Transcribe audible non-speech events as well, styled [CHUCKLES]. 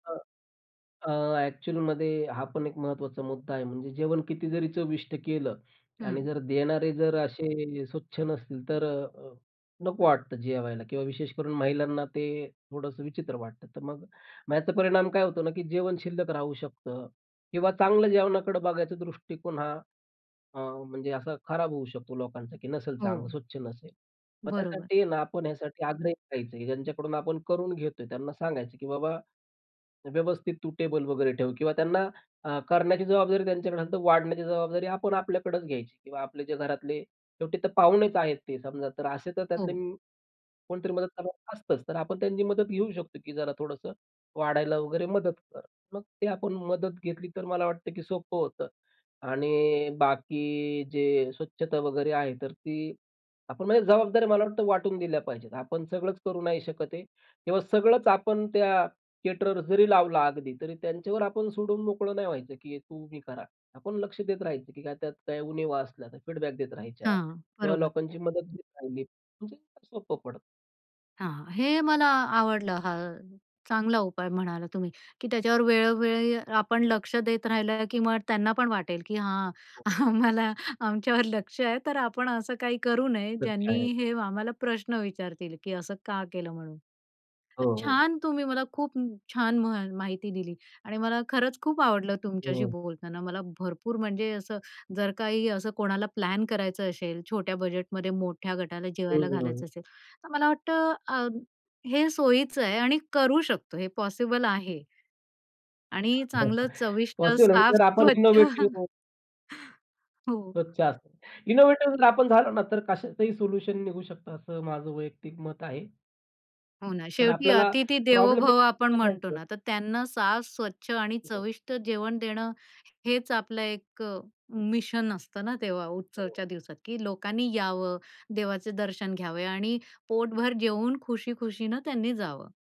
हां. अ, ॲक्चुअलमध्ये हा पण एक महत्त्वाचा मुद्दा आहे म्हणजे जेवण किती जरी चविष्ट केलं आणि हं. जर देणारे जर असे स्वच्छ नसतील तर अ, नको वाटतं जेवायला किंवा विशेषकरून महिलांना ते थोडंसं विचित्र वाटतं. तर मग ह्याचा परिणाम काय होतो ना, की जेवण शिल्लक राहू शकतं किंवा चांगलं जेवणाकडे बघायचा दृष्टिकोन हा अ, म्हणजे असा खराब होऊ शकतो लोकांचा, की नसेल चांगलं, हो. स्वच्छ नसेल. मग बरोबर. त्यासाठी ना आपण ह्यासाठी आग्रही राहायचं. ज्यांच्याकडून आपण करून घेतोय त्यांना सांगायचं, की बाबा व्यवस्थित तू टेबल वगैरे ठेव किंवा त्यांना अ, करण्याची जबाबदारी त्यांच्याकडे असेल तर वाढण्याची जबाबदारी आपण आपल्याकडच घ्यायची किंवा आपले जे घरातले शेवटी तर पाहुणेच आहेत ते समजा तर असे तर त्यातले हो. कोणीतरी मदत करणार असतच. तर आपण त्यांची मदत घेऊ शकतो, की जरा थोडंसं वाढायला वगैरे मदत कर. मग ते आपण मदत घेतली तर मला वाटतं, की सोपं होतं. आणि बाकी जे स्वच्छता वगैरे आहे तर ती आपण म्हणजे जबाबदाऱ्या मला वाटतं वाटून दिल्या पाहिजेत. आपण सगळंच करू नाही शकत आहे. तेव्हा सगळंच आपण त्या केटरर्स जरी लावला अगदी तरी त्यांच्यावर आपण सोडून मोकळं नाही व्हायचं, की तू हे कर आता. आपण लक्ष देत राहायचं, की त्यात काही उणिवा असल्या तर फीडबॅक देत राहायच्या हां, किंवा बरोबर. लोकांची मदत घेत राहिली, म्हणजे सोपं पडतं. हां, हां. हे मला आवडलं हा चांगला उपाय म्हणालात तुम्ही, की त्याच्यावर वेळोवेळी आपण लक्ष देत राहिलं, की मग त्यांना पण वाटेल, की हां, आम्हाला आमच्यावर लक्ष आहे तर आपण असं काही करू नये सत्य ज्यांनी आहे. हे आम्हाला प्रश्न विचारतील, की असं का केलं म्हणून. हो, हो. छान तुम्ही मला खूप छान मा माहिती दिली आणि मला खरंच खूप आवडलं तुमच्याशी हो. बोलताना मला भरपूर म्हणजे असं जर काही असं कोणाला प्लॅन करायचं असेल छोट्या बजेटमध्ये मोठ्या गटाला हं, जेवायला हं, हं. घालायचं असेल तर मला वाटतं अ, हे सोयीच आहे आणि करू शकतो हे पॉसिबल आहे. आणि चांगलं [CHUCKLES] चविष्ट, पॉसिबल आहे साफ, जर आपण स्वच्छ. [CHUCKLES] इनोव्हेटिव्ह हो. स्वच्छ असतात. इनोव्हेटिव्ह जर आपण झालो ना तर कशातही सोल्युशन निघू शकतं असं माझं वैयक्तिक मत आहे. हो ना, तर शेवटी आपल्याला "अतिथि देवो प्रॉब्लेमने [UNINTELLIGIBLE] भव" आपण नाही म्हणतो जायचं. ना तर त्यांना साफ, स्वच्छ आणि [UNINTELLIGIBLE] चविष्ट जेवण देणं हेच आपलं एक अ, मिशन असतं ना तेव्हा [UNINTELLIGIBLE] उत्सवाच्या दिवसात, की लोकांनी यावं, देवाचे दर्शन घ्यावे आणि पोटभर जेवून खुशी-खुशीने त्यांनी जावं.